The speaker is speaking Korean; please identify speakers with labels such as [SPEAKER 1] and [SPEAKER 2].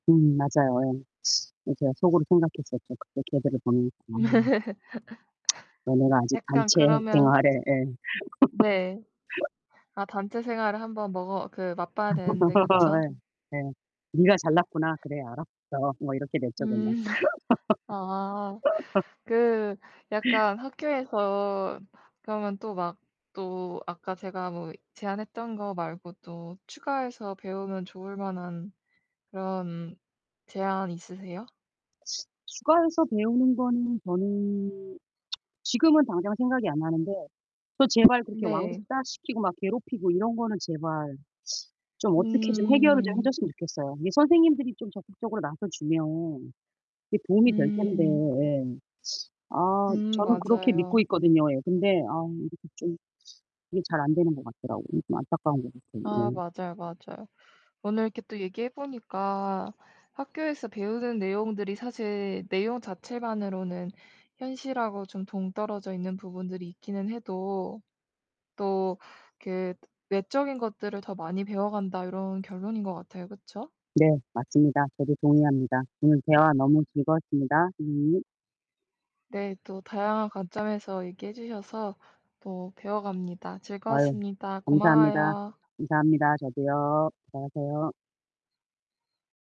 [SPEAKER 1] 음 맞아요. 예. 제가 속으로 생각했었죠, 그때 걔들을 보내 놓고. '너네가 아직
[SPEAKER 2] 약간
[SPEAKER 1] 단체
[SPEAKER 2] 그러면
[SPEAKER 1] 생활을' 예.
[SPEAKER 2] 네. 아 단체 생활을 1 번 먹어 그 맛봐야 되는데 그쵸?
[SPEAKER 1] 예 예. '네가 잘났구나. 그래 알았어.' 뭐 이렇게 됐죠. 그냥.
[SPEAKER 2] 음 아 그 약간 학교에서 그러면 또 막 또 아까 제가 뭐 제안했던 거 말고 또 추가해서 배우면 좋을 만한 그런 제안 있으세요?
[SPEAKER 1] 추가해서 배우는 거는 저는 지금은 당장 생각이 안 나는데 또 제발 그렇게
[SPEAKER 2] 네.
[SPEAKER 1] 왕따 시키고 막 괴롭히고 이런 거는 제발 좀 어떻게 좀 해결을 좀 해
[SPEAKER 2] 음.
[SPEAKER 1] 줬으면 좋겠어요. 이게 선생님들이 좀 적극적으로 나서 주면 이렇게 도움이 될 텐데
[SPEAKER 2] 음.
[SPEAKER 1] 예. 아
[SPEAKER 2] 음
[SPEAKER 1] 저는 그렇게
[SPEAKER 2] 맞아요.
[SPEAKER 1] 믿고 있거든요. 예. 근데 아 이렇게 좀 이게 잘 안 되는 것 같더라고요. 그래서 좀 안타까운 것 같아요.
[SPEAKER 2] 아
[SPEAKER 1] 예.
[SPEAKER 2] 맞아요, 맞아요. 오늘 이렇게 또 얘기해 보니까 '학교에서 배우는 내용들이 사실 내용 자체만으로는 현실하고 좀 동떨어져 있는 부분들이 있기는 해도 또 그 외적인 것들을 더 많이 배워 간다.' 요런 결론인 것 같아요. 그쵸?
[SPEAKER 1] 네, 맞습니다. 저도 동의합니다. 오늘 대화 너무 즐거웠습니다, 선생님.
[SPEAKER 2] 네. 또 다양한 관점에서 얘기해 주셔서 또 배워 갑니다.
[SPEAKER 1] 아유
[SPEAKER 2] 즐거웠습니다.
[SPEAKER 1] 감사합니다.
[SPEAKER 2] 고마워요.
[SPEAKER 1] 감사합니다. 저도요. 수고하세요.